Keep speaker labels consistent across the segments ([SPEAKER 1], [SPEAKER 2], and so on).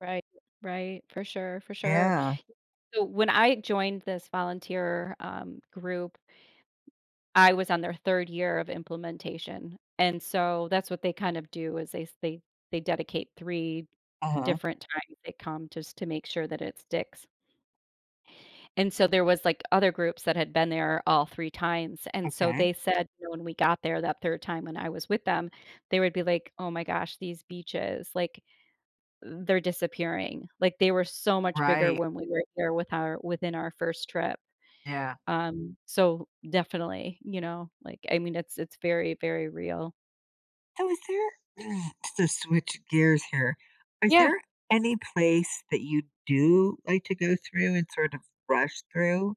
[SPEAKER 1] Right, right, for sure, for sure.
[SPEAKER 2] Yeah.
[SPEAKER 1] So, when I joined this volunteer, um, group M I was on their 3rd year of implementation. And, so, that's what they kind of do, is they they they dedicate 3
[SPEAKER 2] Uh-huh.
[SPEAKER 1] different times they come just to make sure that it sticks. And, so, there was, like, other groups that had been there all three 3 times, and so
[SPEAKER 2] Okay.
[SPEAKER 1] they said, when we got there that 3rd time, when I was with them, they would be like, "Oh my gosh, these beaches, like, they're disappearing. Like, they were so much bigger
[SPEAKER 2] Right.
[SPEAKER 1] when we were here with our within our 1st trip."
[SPEAKER 2] Yeah.
[SPEAKER 1] Um, so, definitely, you know, like, I mean, it's it's very, very real.
[SPEAKER 2] So, is there to switch gears here, is
[SPEAKER 1] Yeah.
[SPEAKER 2] there any place that you do like to go through and sort of rush through?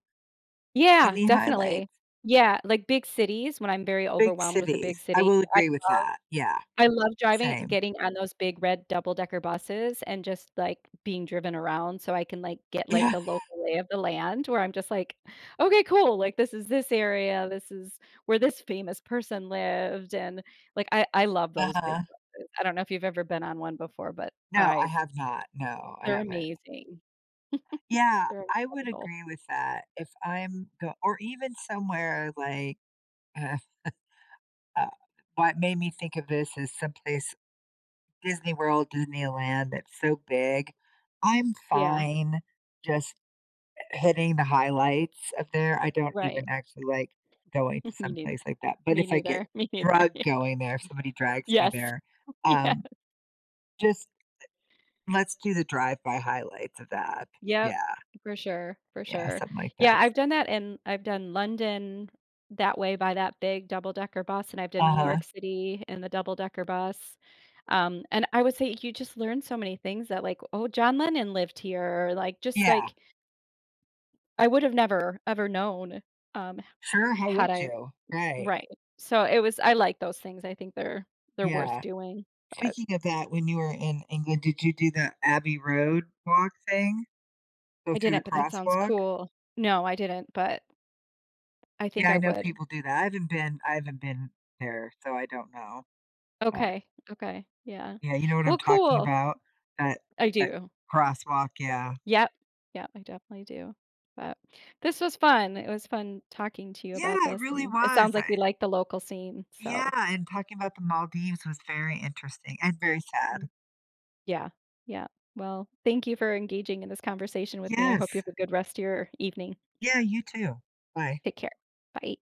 [SPEAKER 1] Yeah.
[SPEAKER 2] Any
[SPEAKER 1] Definitely.
[SPEAKER 2] highlights?
[SPEAKER 1] Yeah. Like, big cities when I'm very
[SPEAKER 2] Big
[SPEAKER 1] overwhelmed with a
[SPEAKER 2] cities.
[SPEAKER 1] big
[SPEAKER 2] I
[SPEAKER 1] city.
[SPEAKER 2] will
[SPEAKER 1] I
[SPEAKER 2] agree with
[SPEAKER 1] love
[SPEAKER 2] that. Yeah,
[SPEAKER 1] I love driving
[SPEAKER 2] same.
[SPEAKER 1] getting on those big red double decker buses and just, like, being driven around so I can, like, get, like,
[SPEAKER 2] Yeah.
[SPEAKER 1] the local lay of the land where I'm just like, "Okay. Cool. Like, this is this area. This is where this famous person lived." And, like, I I love those big
[SPEAKER 2] Uh-huh.
[SPEAKER 1] busses. I don't know if you've ever been on one before, but
[SPEAKER 2] No,
[SPEAKER 1] I
[SPEAKER 2] I have not. No, I
[SPEAKER 1] They're
[SPEAKER 2] haven't.
[SPEAKER 1] amazing.
[SPEAKER 2] Yeah,
[SPEAKER 1] They're
[SPEAKER 2] I would
[SPEAKER 1] incredible.
[SPEAKER 2] agree with that. If I'm go or even somewhere like Uh, what made me think of this is some place Disney World, Disneyland, that's so big. I'm
[SPEAKER 1] Yeah.
[SPEAKER 2] fine just hi hitting the highlights up there. I don't even
[SPEAKER 1] Right.
[SPEAKER 2] actually like going to
[SPEAKER 1] Me
[SPEAKER 2] some
[SPEAKER 1] neither.
[SPEAKER 2] place like that. But,
[SPEAKER 1] Me
[SPEAKER 2] if I get
[SPEAKER 1] neither. Me neither.
[SPEAKER 2] drug
[SPEAKER 1] Yeah.
[SPEAKER 2] going there, somebody drags me
[SPEAKER 1] Yes.
[SPEAKER 2] there,
[SPEAKER 1] Yes.
[SPEAKER 2] um, just e let's do the drive-by highlights of that.
[SPEAKER 1] Yep.
[SPEAKER 2] Yeah.
[SPEAKER 1] For sure. For
[SPEAKER 2] Yeah,
[SPEAKER 1] sure.
[SPEAKER 2] something like
[SPEAKER 1] Yeah,
[SPEAKER 2] that's
[SPEAKER 1] I've done that, and I've done London that way by that big double-decker bus, and I've done New
[SPEAKER 2] Uh-huh.
[SPEAKER 1] York City in the double-decker bus. Um, and I would say you just learn so many things that, like, "Oh, John Lennon lived here," or, like, just,
[SPEAKER 2] Yeah.
[SPEAKER 1] like I would have never ever known, um, ha
[SPEAKER 2] Sure, how
[SPEAKER 1] had
[SPEAKER 2] would
[SPEAKER 1] I
[SPEAKER 2] you? Right.
[SPEAKER 1] Right. So, it was I like those things. I think they're they're worth
[SPEAKER 2] Yeah.
[SPEAKER 1] doing. But
[SPEAKER 2] Speaking of that, when you were in England, did you do the Abbey Road walk thing? Go
[SPEAKER 1] I
[SPEAKER 2] through the
[SPEAKER 1] didn't, but that sounds
[SPEAKER 2] crosswalk?
[SPEAKER 1] cool. No. I didn't, but, I
[SPEAKER 2] Yeah,
[SPEAKER 1] think
[SPEAKER 2] I
[SPEAKER 1] I
[SPEAKER 2] know
[SPEAKER 1] would.
[SPEAKER 2] people do that. I haven't been I haven't been there, so I don't know. But
[SPEAKER 1] Okay. Okay. Yeah.
[SPEAKER 2] Yeah, you know what
[SPEAKER 1] Well,
[SPEAKER 2] I'm talking
[SPEAKER 1] cool.
[SPEAKER 2] about? That
[SPEAKER 1] I
[SPEAKER 2] that
[SPEAKER 1] do.
[SPEAKER 2] crosswalk, yeah.
[SPEAKER 1] Yep. Yep, I definitely do. But, this was fun. It was fun talking to you about
[SPEAKER 2] Yeah, it
[SPEAKER 1] this,
[SPEAKER 2] really
[SPEAKER 1] and it
[SPEAKER 2] was.
[SPEAKER 1] sounds like we
[SPEAKER 2] I
[SPEAKER 1] like the local scene.
[SPEAKER 2] Yeah,
[SPEAKER 1] So
[SPEAKER 2] and talking about The Maldives was very interesting and very
[SPEAKER 1] M
[SPEAKER 2] sad.
[SPEAKER 1] Yeah, yeah. Well, thank you for engaging in this conversation with me. I
[SPEAKER 2] Yes.
[SPEAKER 1] hope you have a good rest of your evening.
[SPEAKER 2] Yeah, you too. Bye.
[SPEAKER 1] Take care. Bye.